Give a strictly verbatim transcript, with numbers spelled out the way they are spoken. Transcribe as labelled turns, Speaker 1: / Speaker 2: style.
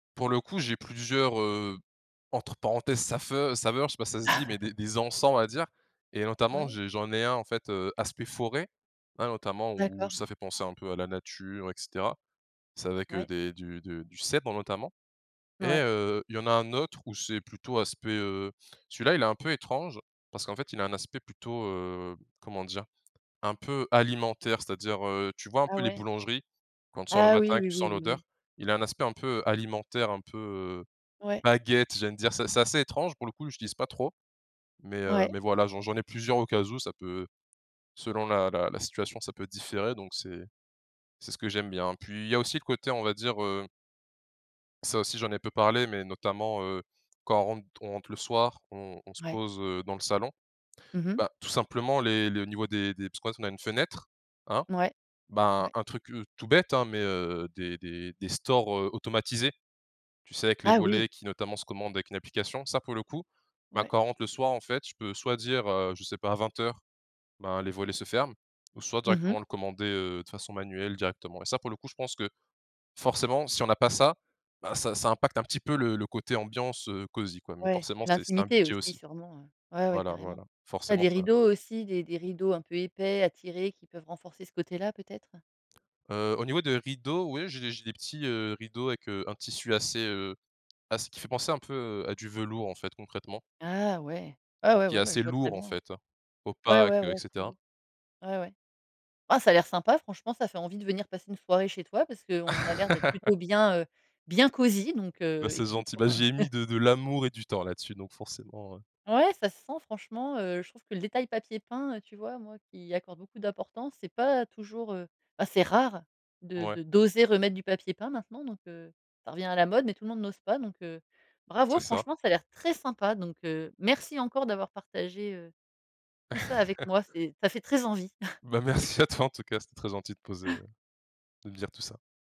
Speaker 1: Pour le coup, j'ai plusieurs, heu, entre parenthèses «safeu» saveurs, je sais pas si ça se dit, mais des des encens on va dire. Et notamment
Speaker 2: Ouais.
Speaker 1: j'ai j'en ai un en fait, heu, aspect forêt. Hein, notamment où
Speaker 2: D'accord.
Speaker 1: ça fait penser un peu à la nature et cetera. C'est avec, heu,
Speaker 2: Ouais.
Speaker 1: des du du du cèdre notamment. Et,
Speaker 2: Ouais.
Speaker 1: heu, il y en a un autre où c'est plutôt aspect, heu celui-là il est un peu étrange, parce qu'en fait il a un aspect plutôt, heu, comment dire? Un peu alimentaire, c'est-à-dire, heu, tu vois un
Speaker 2: Ah,
Speaker 1: peu les
Speaker 2: ouais?
Speaker 1: boulangeries? Quand tu sors le
Speaker 2: Ah,
Speaker 1: matin
Speaker 2: oui,
Speaker 1: et que
Speaker 2: oui,
Speaker 1: tu
Speaker 2: oui,
Speaker 1: sens
Speaker 2: oui,
Speaker 1: l'odeur,
Speaker 2: oui.
Speaker 1: il a un aspect un peu alimentaire, un peu, heu,
Speaker 2: Ouais.
Speaker 1: baguette j'ai envie de dire. C'est c'est assez étrange pour le coup, j'utilise pas trop. Mais, heu,
Speaker 2: Ouais.
Speaker 1: mais voilà j'en j'en ai plusieurs au cas où, ça peut selon la la la situation ça peut différer donc c'est c'est ce que j'aime bien. Puis il y a aussi le côté on va dire, heu ça aussi j'en ai peu parlé, mais notamment, heu, quand on rentre on rentre le soir, on on se
Speaker 2: Ouais.
Speaker 1: pose, heu, dans le salon.
Speaker 2: Mmh mh.
Speaker 1: Bah, tout simplement les le niveau des des [unintelligible] on a une fenêtre, hein.
Speaker 2: Mouais.
Speaker 1: Ben
Speaker 2: Ouais.
Speaker 1: un truc, heu, tout bête, hein mais heu des des des stores, heu, automatisés. Tu sais avec les
Speaker 2: Ah oui!
Speaker 1: volets qui notamment se commandent avec une application, ça pour le coup, ben
Speaker 2: Ouais.
Speaker 1: quand on rentre le soir en fait. Je peux soit dire, heu, je sais pas vingt heures, ben les volets se ferment. Ou soit
Speaker 2: Mmh mh.
Speaker 1: directement le commander, heu, de façon manuelle directement. Et ça pour le coup je pense que, forcement si on a pas ça, ben ça ça impacte un petit peu le le coté ambiance, heu, cosy quoi. Mais
Speaker 2: Ouais.
Speaker 1: forcement
Speaker 2: Et
Speaker 1: c'est c'est un
Speaker 2: l'intimité
Speaker 1: budget
Speaker 2: aussi
Speaker 1: aussi.
Speaker 2: sûrement, heu? Ouais, ouais,
Speaker 1: Voila,
Speaker 2: carrément.
Speaker 1: voilà,
Speaker 2: Tu as
Speaker 1: forcement
Speaker 2: des
Speaker 1: ça
Speaker 2: rideaux aussi, des des rideaux un peu épais, à tirer, qui peuvent renforcer ce côté-là, peut-être?
Speaker 1: Heu, au niveau des rideaux, oui j'ai des j'ai des petits, heu, rideaux avec, heu, un tissu assez, heu, ass qui fait penser un peu à du velours en fait, concrètement.
Speaker 2: Ah ouais! Ouais,
Speaker 1: Donc
Speaker 2: ouais,
Speaker 1: qui est
Speaker 2: ouais, beh, je
Speaker 1: assez
Speaker 2: vois très
Speaker 1: lourd en
Speaker 2: bien, hein.
Speaker 1: fait,
Speaker 2: Ouais,
Speaker 1: opaque
Speaker 2: ouais,
Speaker 1: et
Speaker 2: ouais, trop
Speaker 1: cetera.
Speaker 2: beau. Ouais, ouais. Ah, ça a l'air sympa, franchement, ça fait envie de venir passer une soirée chez toi parce qu'on a l'air d'être plutôt bien, heu, bien, cosy. Donc,
Speaker 1: Bah,
Speaker 2: heu,
Speaker 1: c'est
Speaker 2: écoute,
Speaker 1: gentil,
Speaker 2: pour,
Speaker 1: bah,
Speaker 2: heu
Speaker 1: j'y ai mis de de l'amour et du temps là-dessus, donc forcément, heu.
Speaker 2: Ouais, ça se sent, franchement, heu, je trouve que le détail papier peint, heu, tu vois, moi, qui y accorde beaucoup d'importance, c'est pas toujours, heu bah, c'est rare. De
Speaker 1: Mouais.
Speaker 2: de d'oser remettre du papier peint maintenant, donc, heu ça revient à la mode. Mais tout le monde n'ose pas. Donc, heu,
Speaker 1: C'est
Speaker 2: bravo,
Speaker 1: ça.
Speaker 2: franchement, ça a l'air très sympa! Donc, heu, merci encore d'avoir partagé, heu, tout ça avec moi. C'est ça fait très envie!
Speaker 1: Beh, merci à toi en tout cas c'était très gentil de poser, heu de me dire tout ça.